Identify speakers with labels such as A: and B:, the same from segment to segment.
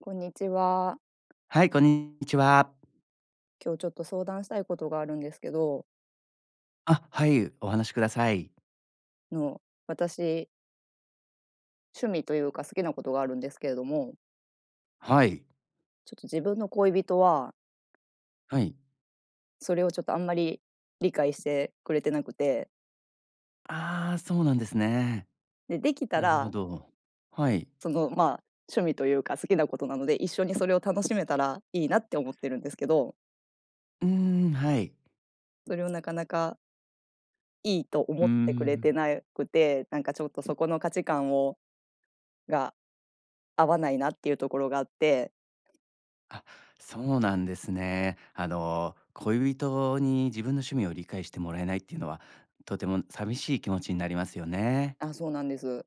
A: こんにちは。
B: はい、こんにちは。
A: 今日ちょっと相談したいことがあるんですけど。
B: あ、はい。お話しください。
A: の、私趣味というか、好きなことがあるんですけれども。
B: はい。
A: ちょっと自分の恋人は
B: はい。
A: それをちょっとあんまり理解してくれてなくて。
B: ああ、そうなんですね。
A: でできた
B: なるほ
A: ら
B: ど。はい。
A: その、まあ、趣味というか、好きなことなので、一緒にそれを楽しめたらいいなって思ってるんですけど。
B: うん、はい。
A: それをなかなかいいと思
B: う
A: ってくれ
B: ん。
A: てなくて、なんかちょっとそこの価値観をが合わないなっていうところがあって。
B: あ、そうなんですね。あの、恋人に自分の趣味を理解してもらえないっていうのは、とても寂しい気持ちになりますよね。
A: あ、そうなんです。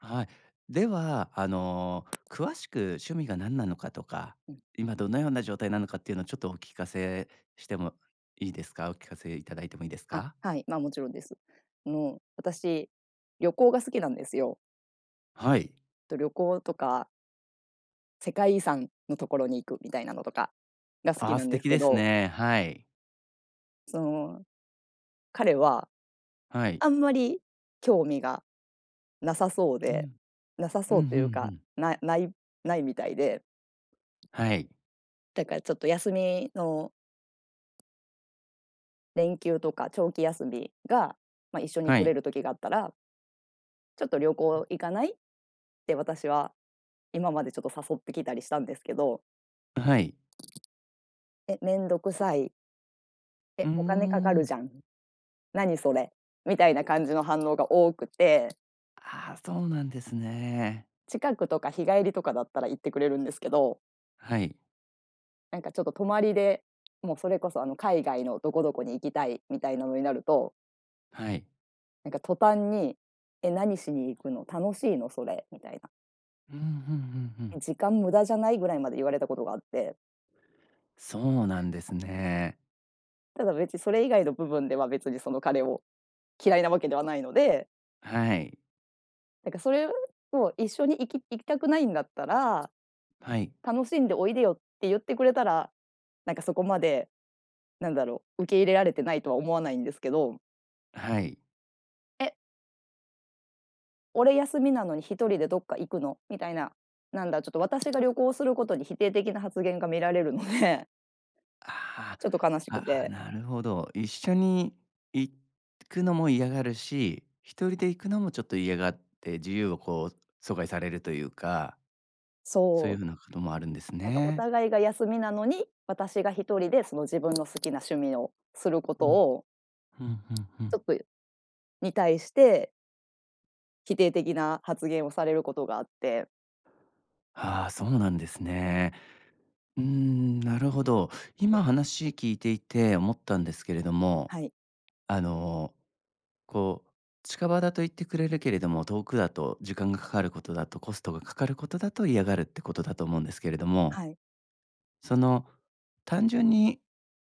B: はい。では、あの、詳しく趣味が何なのかとか、
A: うん。
B: 今どのような状態なのかっていうのを、ちょっとお聞かせしてもいいですか？お聞かせいただいてもいいです
A: あ、
B: か？
A: はい、まあ、もちろんです。もう、私旅行が好きなんですよ。
B: はい。
A: と、旅行とか世界遺産のところに行くみたいなのとかが、好き
B: あ、
A: な
B: 素
A: んです
B: 敵
A: け
B: です
A: ど。
B: ね。はい。
A: その、彼は、
B: はい。
A: あんまり興味がなさそう
B: う
A: で、
B: ん、
A: なさ
B: う
A: そう
B: ん、
A: と
B: ふ
A: いう
B: んふ
A: か、
B: ん。
A: なないないみたいで
B: はい。
A: だからちょっと休みの連休とか長期休みが、ま、一緒に
B: は
A: 取れ
B: い。
A: る時があったらちょっと旅
B: うん。
A: 行行かない？って私は今までちょっと誘ってきたりしたんですけど。
B: あ、はい。
A: 「え、めんどくさい。
B: うー
A: え、お金かかる
B: ん。
A: じゃん。何それ？」みたいな感じの反応が多くて。
B: ああ、そうなんですね。
A: 近くとか日帰りとかだったら行ってくれるんですけど。
B: はい。
A: なんかちょっと泊まりで、もうそれこそあの海外のどこどこに行きたいみたいなのになると
B: はい。
A: なんか途端に「え、何しに行くの？楽しいのそれ」みたいな。
B: うんうんうんうん。
A: 「え、時間無駄じゃない？」ぐらいまで言われたことがあって。
B: そうなんですね。
A: ただ別に、それ以外の部分では、別にその、彼を嫌いな訳ではないので。
B: はい。
A: だからそれをを、「一緒に行き行きたくないんだったら、
B: はい。
A: 楽しんでおいでよ」って言ってくれたら、なんかそこまで、なんだろう、受け入れられてないとは思わないんですけど。
B: はい。
A: 「え？俺休みなのに一人でどっか行くの？」みたいな、なんだ、ちょっと私が旅行することに否定的な発言が見られるので。
B: あ
A: ちょっと悲し
B: あ、
A: く
B: ああ、
A: て。
B: なるほど。一緒に行くのも嫌がるし、一人で行くのもちょっと嫌がって、自由をこう阻害されるというか。そう
A: そ
B: いう風
A: う。
B: なこともあるんです
A: なんかお
B: ね。
A: 互いが休みなのに、私が一人で、その自分の好きな趣味をするこ
B: う
A: と
B: ん。
A: を
B: ふんふんふ
A: ち
B: ん。
A: ょっと、に対して否定的な発言をされることがあって。
B: ああ、そうなんですね。うーん、なるほど。今話聞いていて思ったんですけれども、
A: はい。
B: あの、こう、近場だと行ってくれるけれども、遠くだと時間がかかることだと、コストがかかることだと嫌がるってことだと思うんですけれども。
A: はい。
B: その、単純に、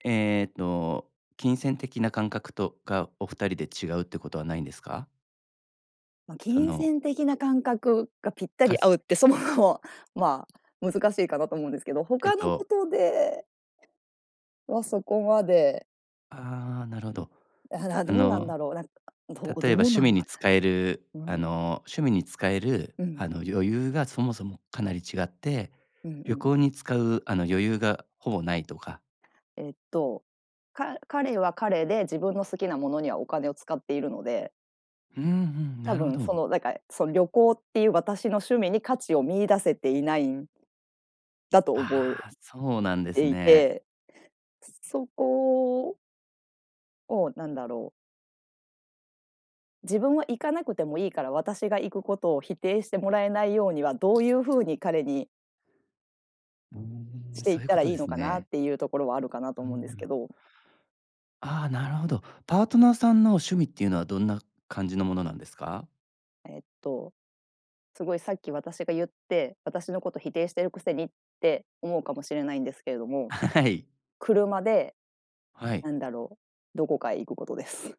B: ええと、金銭的な感覚とか、お2人で違うってことはないんですか？
A: まあ、
B: そ
A: 金
B: の。
A: 銭的な感覚がぴった
B: か
A: り
B: す
A: 合うってそもそも、まあ、難しいかなと思うんですけど、
B: えっ
A: 他の
B: と。
A: ことでは、そこまで。
B: ああ、なるほど。
A: ああ、な、
B: あ
A: どうなん
B: の
A: だろう、な、ど
B: 例え
A: ど
B: ば
A: う
B: 趣
A: なん
B: 味
A: だ。
B: に使える
A: う
B: あ
A: ん。
B: の、趣味に使える
A: うん。
B: あの余裕がそもそもかなり違って、
A: うんうんう
B: 旅行
A: ん。
B: に使うあの余裕がほぼないとか。
A: ええと。か彼は彼で自分の好きなものにはお金を使っているので。
B: うんうん、
A: 多
B: なるほ
A: 分そ
B: ど。
A: の、なんかその旅行っていう私の趣味に価値を見出せていないんだと思う
B: ああ、そうなんです
A: でい
B: ね。
A: て。そこ。を、なんだろう。自分は行かなくてもいいから、私が行くことを否定してもらえないようにはどういう風に彼に
B: うーん、
A: してい
B: そ
A: っ
B: ういう
A: た
B: こ
A: ら
B: と
A: い
B: で
A: いの
B: す
A: かなっ
B: ね。
A: ていうところはあるかな
B: う
A: と
B: んう
A: 思うんですけ
B: ん。
A: ど。
B: ああ、なるほど。パートナーさんの趣味っていうのはどんな感じのものなんですか？
A: えっと、すごいさっき私が言って、私のこと否定してるくせにって思うかもしれないんですけれども。
B: はい。
A: 車で
B: はい。
A: なんだろう、どこかへ行くことです。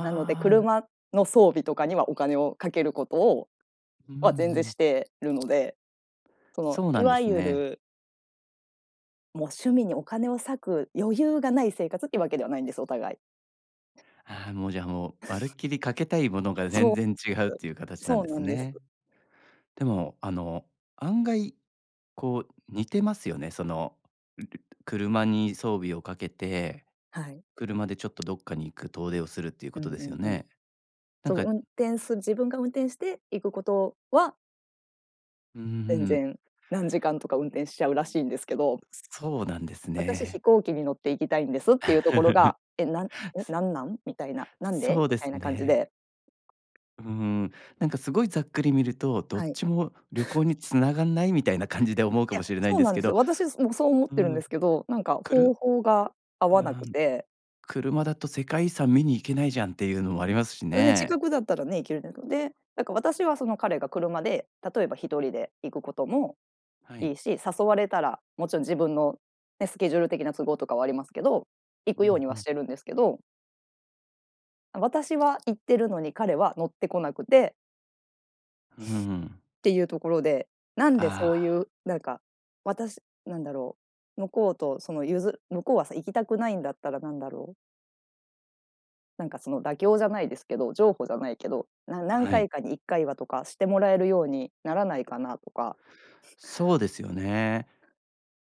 A: なので、
B: あ。
A: 車の装備とかにはお金をかけることを
B: うんう
A: は、全然し
B: ん。
A: てるので、その
B: そうな
A: い
B: んで
A: わ
B: す
A: ゆ
B: ね。
A: る。もう、趣味にお金を割く余裕がない生活っていうわけではないんです、お互い。
B: ああ、もうじゃあもう、まるっきりかけたいものが全
A: そう
B: 然違うっ
A: で
B: ていう
A: す、
B: 形なん
A: そう
B: で
A: な
B: す
A: んです。
B: ね。でも、あの、案外、こう似てますよね。その、車に装備をかけて、
A: はい。
B: 車でちょっとどっかに行く遠出をするっていうこ
A: うん
B: とで
A: う
B: すよ
A: んうん。
B: ね。なん
A: その
B: か。
A: 運転する自分が運転して行くことは
B: うー
A: 全
B: ん。
A: 然何時間とか運転しちゃうらしいんですけど。
B: うそうなんです
A: 私
B: ね。
A: 飛行機に乗って行きたいんですっていうところが、「え、なん
B: す
A: なんなん？」みたいな、「なん
B: そ
A: で？」
B: う
A: み
B: で
A: た
B: す
A: いな感じ
B: ね。
A: で。
B: うーん、なんかすごいざっくり見ると、どっ
A: はい。
B: ちも旅行 に繋がんないみたいな感じで思う
A: い
B: か
A: や、
B: もしれないん
A: そう
B: で
A: な
B: す
A: ん
B: け
A: です
B: ど
A: よ。私すもそう思っ
B: う
A: てるんで
B: ん、
A: すけど、なんか
B: く
A: 方
B: る
A: 法が合
B: う
A: わなく
B: ん、
A: て。
B: 「車だと世界遺産見に行けないじゃん」っていうのもありますし
A: んで
B: ね。
A: 近くだったらね、行ける。なんか、で、だから私はその彼が車で、例えば一人で行くことも
B: は
A: い
B: い。
A: いし、誘われたら、もちろん自分のね、スケジュール的な都合とかはありますけど、行
B: う
A: くよう
B: ん
A: に
B: う
A: はし
B: ん。
A: てるんですけど私は行ってるのに彼は乗ってこなくて
B: うー ん。
A: ていうところで、なんでそ
B: あ
A: うい
B: あ。
A: う、なんか、私、なんだろう、向こうとそのゆず向こうはさ、行きたくないんだったらなんだろうなんかその妥協じゃないですけど、譲歩じゃないけど、な何
B: はい。
A: 回かに一回はとか、してもらえるようにならないかなとか。
B: そうですよね。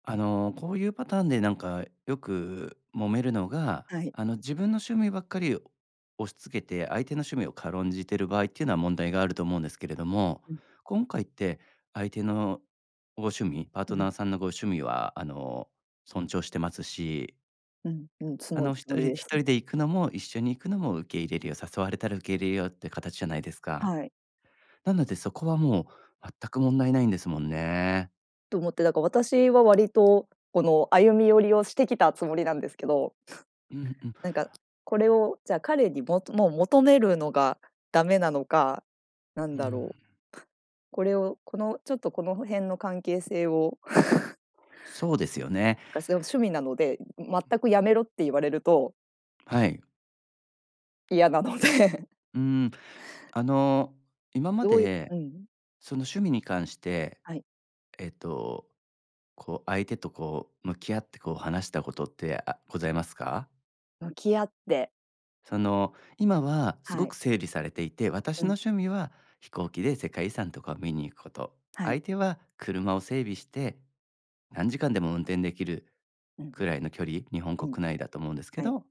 B: あの、こういうパターンでなんかよく揉めるのが、
A: はい。
B: あの自分の趣味ばっかり押し付けて、相手の趣味を軽んじている場合っていうのは問題があると思うんですけれども、
A: うん。
B: 今回って相手のご趣味パー
A: う
B: トナ
A: ん。
B: ーさんのご趣味は、あの、尊重してますし。
A: うんうん、つ
B: あ
A: もる
B: の
A: つ
B: 一
A: もり
B: 人
A: で
B: 一
A: す。
B: 人で行くのも一緒に行くのも受け入れるよ、誘われたら受け入れるよっていう形じゃないですか。
A: はい。
B: なので、そこはもう、全く問題無いんですもんね。
A: と思って、だから私は割と、この歩み寄りをしてきたつもりなんですけど。
B: うん うん。
A: なんかこれをじゃあ彼にももう求めるのがダメなのか、なん
B: う
A: だ
B: ん。
A: ろう。これを、このちょっとこの辺の関係性を
B: そうですよね。
A: がすごく趣味なので、全くやめろって言われると。
B: はい。
A: 嫌なので。
B: うん。あの、今ま
A: どういう
B: で、
A: うん。
B: その趣味に関して、
A: はい。
B: えっと、こう相手とこう、向き合ってこう話したことって、あ、ございますか？
A: 向き合って。
B: その、今はす
A: は
B: ご
A: い。
B: く整理されていて、私
A: う
B: の
A: ん。
B: 趣味は飛行機で世界遺産とかを見に行くこと。
A: はい。
B: 相手は、車を整備して、何時間でも運転出来る
A: うん。
B: くらいの距離、日本
A: うん。
B: 国内だと思うんですけ
A: はい。
B: ど、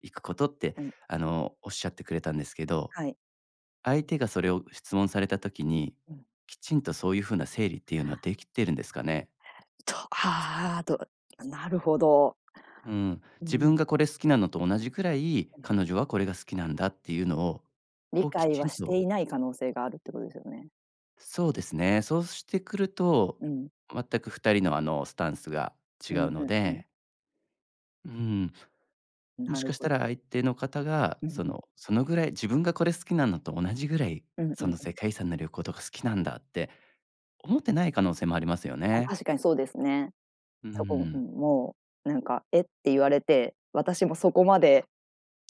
B: 行くことって、
A: うん。
B: あの仰ってくれたんですけど。
A: はい。
B: 相手がそれを質問された時に、
A: うん。
B: きちんとそういう風な整理っていうのは出来てるんですかね？
A: とああ、となるほど。
B: うん、
A: う
B: 自
A: ん。
B: 分がこれ好きなのと同じくらい、
A: うん。
B: 彼女はこれが好きなんだっていうのを、
A: 理
B: こうき
A: 解
B: ち
A: は
B: ん
A: し
B: と。
A: ていない可能性があるってことですよね。
B: そうですね。そうしてくると、
A: うんうん。
B: 全く2人の、あの、スタンスが違
A: うん
B: う
A: う
B: の
A: んうん。
B: でうん。も
A: な
B: し
A: る
B: かした
A: ほ。
B: ら、相手の方が、
A: うん
B: そ
A: うん。
B: の、そのぐらい、自分が、これ好きなのと同じぐらい、
A: うんう
B: そ
A: ん
B: の、
A: う
B: 世
A: ん。
B: 界遺産の旅行とか、好きなんだって思ってない可能性もありますよ
A: あ、
B: ね。
A: 確かにそうですね。
B: う
A: そこうん、
B: ん。
A: もうなんか、えっ、て言われて。私もそこまで、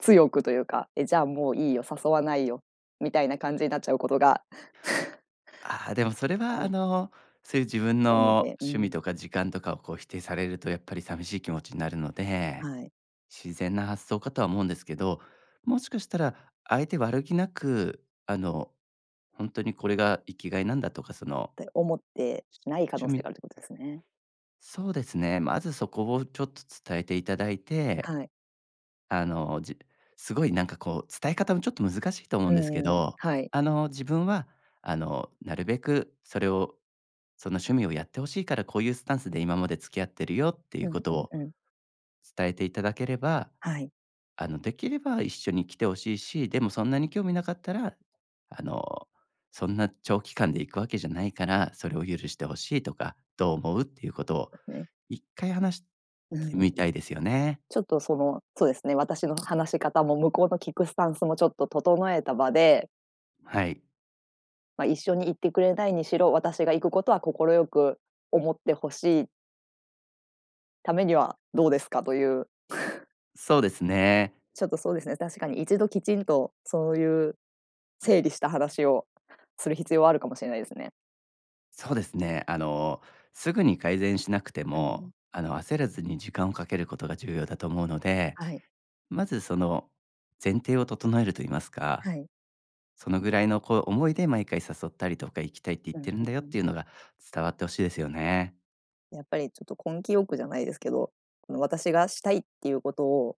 A: 強くというか、え、じゃあもういいよ、誘わないよ、みたいな感じに、なっちゃうことが
B: ああ。でも、それ
A: あ
B: は、あ
A: る
B: の、そういう自分
A: なの
B: の
A: でう
B: 趣味
A: ん。
B: とか時間とかを、こう、否定されると、やっぱり寂しい気持ちになるので。
A: はい。
B: 自然な発想かとは思うんですけど。もしかしたら、相手悪気なく、あの、ホントにこれが生きがいなんだとか、その
A: って、思ってない可
B: 趣
A: 能性
B: 味
A: が、あるということですね。
B: そうですね。まず、そこをちょっと伝えていただいて。
A: はい。
B: あの、じすごいなんかこう、伝え方もちょっと難しいと思う
A: う
B: んです
A: ん
B: け
A: うん。
B: ど。
A: はい。
B: あの、自分は、あの、なるべくそれを、その趣味をやって欲しいから、こういうスタンスで今まで付き合ってるよ、っていう
A: う
B: こ
A: ん
B: と
A: うん
B: を
A: うん。
B: 伝えていただければ。
A: はい。
B: あの、できれば、一緒に来て欲しいし、でも、そんなに興味なかったら、あの、そんな長期間で行くわけじゃないから、それを許して欲しいとか。どう
A: はい、そ
B: 思うっていうことを、
A: うすね。
B: 1回話し
A: う
B: て
A: ん、ん。
B: みたいですよね。
A: ちょっと、その、そうですね。私の話し方も、向こうの聞くスタンスも、ちょっと、整えた場で
B: はい。
A: ま、一緒に行ってくれないにしろ、私が行くことは快く思ってほしいためにはどうですかという。
B: そうですね。
A: ちょっとそうですね、確かに、一度きちんとそういう、整理した話をする必要はあるかもしれないですね。
B: そうですね、あの、すぐに改善しなくて
A: うん。
B: も、あの、焦らずに時間をかけることが重要だと思うので、
A: はい。
B: まず、その、前提を整えると言いますか、
A: はい。
B: そのぐらいの、こう、思いで毎回誘ったりとか行きたいって言っ
A: うん
B: てるん
A: うん
B: だよっ
A: うん。
B: ていうのが伝わって欲しいですよね。
A: やっぱり、ちょっと根気よくじゃないですけど、あの、私がしたいっていうことを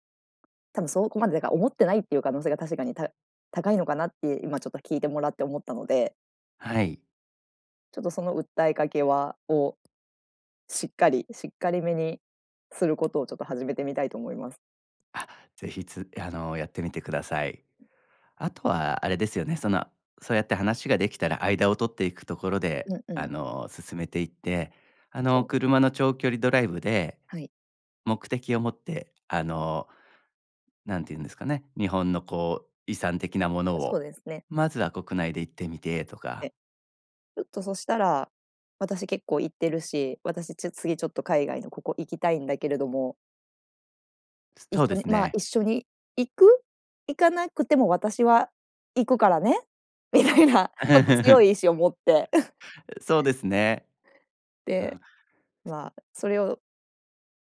A: 多分そこまで、なんか、思ってないっていう可能性が確かにた高いのかなって今ちょっと聞いてもらって思ったので
B: はい。
A: ちょっと、その訴えかけはをしっかりしっかりめにすることをちょっと始めてみたいと思います。
B: あ、ぜひつあの、やってみてください。あとはあれですよね、その、そうやって話ができたら間を取っていくところで、
A: うんう
B: あ
A: ん。
B: の、進めていって、あ
A: う
B: の、
A: ん。
B: 車の長距離ドライブで、
A: はい。
B: 目的を持って、あの、何て言うんですかね、日本の、こう、遺産的なもの
A: あ、そう
B: を
A: ですね。
B: まずは国内で行ってみてとか。
A: え、ちょっとそしたら、「私結構行ってるし、私ちゅ次ちょっと海外のここ行きたいんだけれども
B: そ
A: 一
B: うで
A: 緒に、
B: す
A: ま、
B: ね。
A: 一緒に行く？行かなくても私は行くからね」みたいな、ちょっと強い意 志を持って。
B: そう ですね。う
A: で、
B: ん。
A: ま、それを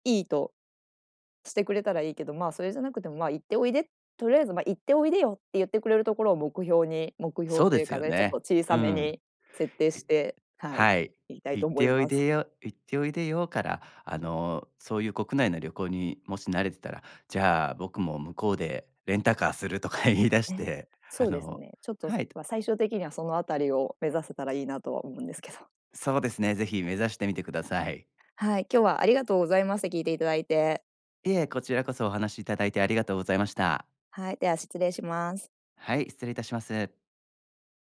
A: いいとしてくれたらいいけど、ま、それじゃなくても、ま、「行っておいで」とりあえず、ま、「行っておいでよ」って言ってくれるところを目標に、目標
B: そう
A: と
B: で
A: いう
B: す
A: か
B: よ
A: ね、ちょっと
B: ね。
A: 小さ
B: う
A: め
B: ん。
A: に設定
B: い
A: して、はい、
B: はい、
A: いきたいと
B: 「行っ
A: 思い
B: ておい
A: ます。
B: でよ行っておいでよ」から、あの、そういう国内の旅行にもし慣れてたら、「じゃあ僕も向こうでレンタカーする」とか言い出し
A: ね、
B: て、あ
A: そうです
B: の
A: ね、ちょっと、
B: はい。
A: ま、最終的にはそのあたりを目指せたらいいなとは思うんですけど。
B: そうですね、ぜひ目指してみてください。
A: はい、今日はありがとうございます、聞いていただいて。
B: いえ、こちらこそお話しいただいてありがとうございました。
A: はい、では失礼します。
B: はい、失礼いたします。